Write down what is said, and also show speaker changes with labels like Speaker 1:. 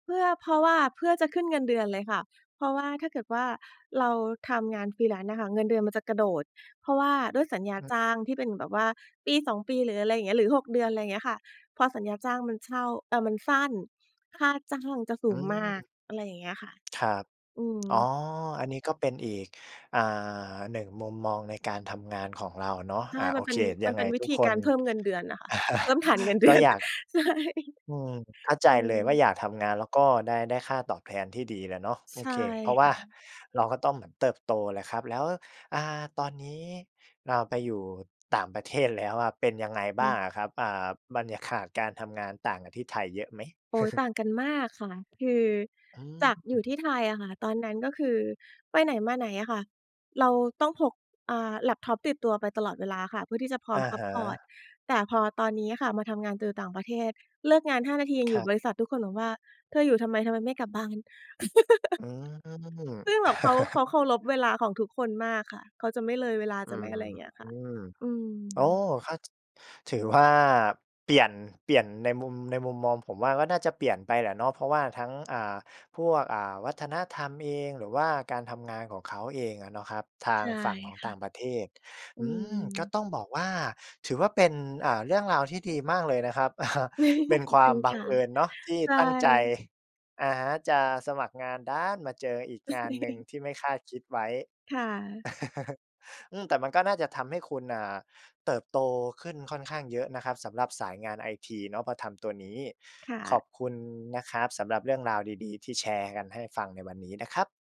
Speaker 1: เพื่อ เพราะว่าเพื่อจะขึ้นเงินเดือนเลยค่ะ เพราะว่า ถ้าเกิดว่าเราทำงาน Freelance อะค่ะ เงินเดือนมันจะกระโดด เพราะว่าด้วยสัญญา
Speaker 2: ครั
Speaker 1: จ
Speaker 2: บ
Speaker 1: ้างที่เป็นแบบว่า 1-2 ปีหรืออะไรอย่างเงี้ย หรือ 6 เดือน ไรเงี้ยค่ะ เพราะสัญญาจ้างมันเช่า เอ่อ มันสั้น ค่าจ้างจะส
Speaker 2: อ
Speaker 1: ู
Speaker 2: ื
Speaker 1: งมา
Speaker 2: ม
Speaker 1: ก อะไรอย่างเงี้ยค่ะ
Speaker 2: ครับ
Speaker 1: อื
Speaker 2: อ๋อ
Speaker 1: ม
Speaker 2: อันนี้ก็เป็นอีก อ่า 1 มุมมองในการทำงานของเราเนาะ
Speaker 1: ใช
Speaker 2: อ่า
Speaker 1: ่
Speaker 2: โ
Speaker 1: ม
Speaker 2: อ
Speaker 1: ันเ
Speaker 2: เ
Speaker 1: ป
Speaker 2: ค
Speaker 1: ็น
Speaker 2: ย
Speaker 1: ม
Speaker 2: ั
Speaker 1: ัน
Speaker 2: งไ
Speaker 1: เ
Speaker 2: ง
Speaker 1: ป็นวิ
Speaker 2: ทุก
Speaker 1: ธี
Speaker 2: ค
Speaker 1: กา
Speaker 2: น
Speaker 1: รเพิ่มเงินเดือนอะค่ะ เพิ่มฐาน เงินเดื
Speaker 2: ก็
Speaker 1: อน
Speaker 2: อยาก
Speaker 1: ใช่
Speaker 2: อืม เข้าใจ
Speaker 1: อื
Speaker 2: เล
Speaker 1: ม
Speaker 2: ยว่า อยากทำงานแล้วก็ได้ ได้ค่าตอบแทนที่ดีแหละเนาะ โอ
Speaker 1: ใช่
Speaker 2: เค เพราะว
Speaker 1: ค
Speaker 2: ่า
Speaker 1: ่ะ
Speaker 2: เราก็ต้องเหมือนเติบโตแหละครับ แล้ว อ่า ตอนนี้เราไปอยู่ต่างประเทศแล้วอะเป็นยังไง
Speaker 1: อ
Speaker 2: บ้
Speaker 1: ื
Speaker 2: า
Speaker 1: ม
Speaker 2: งอะครับ? อ่า บรรยากาศการทำงานต่างกับที่ไทยเยอะไหม?
Speaker 1: โอ๊ย ต่างกันมากค่ะ คือ
Speaker 2: อื
Speaker 1: จากอยู่ท
Speaker 2: ม
Speaker 1: ี่ไทยอะค่ะ ตอนนั้นก็คือไปไหนมาไหนอะค่ะเราต้องพก อ่า แล็ปท็อป ติดตัวไปตลอดเวลาค่ะ เพื่อที่จะพร้อ
Speaker 2: อ
Speaker 1: ม
Speaker 2: ะ
Speaker 1: ซั
Speaker 2: ฮ
Speaker 1: ปพอร์ต
Speaker 2: ะ
Speaker 1: แต่พอตอนนี้อะค่ะมาทำงานตื่อต่างประเทศ เลิกงาน 5 นาทียัง
Speaker 2: ค
Speaker 1: อย
Speaker 2: ร
Speaker 1: ู่
Speaker 2: ั
Speaker 1: บ
Speaker 2: บ
Speaker 1: ริษัท ทุกคนบอกว่า "เธออยู่ทำไม? ทำไมไม่กลับบ้าน?"
Speaker 2: อื
Speaker 1: ค
Speaker 2: ม
Speaker 1: ือแบบเขา เขาเคารพเวลาของทุกคนมากค่ะ เขาจะไม่เลยเวลา
Speaker 2: อื
Speaker 1: จะไม่
Speaker 2: ม
Speaker 1: อะไรอย่างเงี้ยค่ะ อื
Speaker 2: โอ้โ
Speaker 1: ม
Speaker 2: ฮ เข้า จ ถือว่าเปลี่ยน เปลี่ยนในมุม ในมุมมองผมว่า ก็น่าจะเปลี่ยนไปแหละเนาะ เพราะว่าทั้ง อ่า พวก อ่า วัฒนธรรมเอง หรือว่าการทำงานของเขาเองอะเนาะครับ ทา
Speaker 1: ใช
Speaker 2: ง
Speaker 1: ่
Speaker 2: ฝั่งของ
Speaker 1: ค
Speaker 2: ต
Speaker 1: ่
Speaker 2: ่
Speaker 1: ะ
Speaker 2: างประเทศ
Speaker 1: อื
Speaker 2: อืม ก็
Speaker 1: ม
Speaker 2: ต้องบอกว่า ถือว่าเป็น อ่า เรื่องราวที่ดีมากเลยนะครับ เป็น
Speaker 1: ขอ
Speaker 2: ค
Speaker 1: บ
Speaker 2: ว
Speaker 1: ค
Speaker 2: า
Speaker 1: ุ
Speaker 2: ม
Speaker 1: ณ
Speaker 2: บั
Speaker 1: ค
Speaker 2: ง
Speaker 1: ่ะ
Speaker 2: เอิญเนาะที่
Speaker 1: ใช
Speaker 2: ตั้งใจ
Speaker 1: ่
Speaker 2: อะฮะ จะสมัครงานดันมาเจออีกงานหนึ่งที่ไม่คาดคิดไว้
Speaker 1: ค่ะ
Speaker 2: อืม แต่มันก็น่าจะทำให้คุณ อ่า เติบโตขึ้นค่อนข้างเยอะนะครับสำหรับสายงานไอทีเนาะพอทำตัวนี้
Speaker 1: ค่
Speaker 2: ขอ
Speaker 1: ะ
Speaker 2: บคุณนะครับสำหรับเรื่องราวดี ๆ ที่แชร์กันให้ฟังในวันนี้นะครับ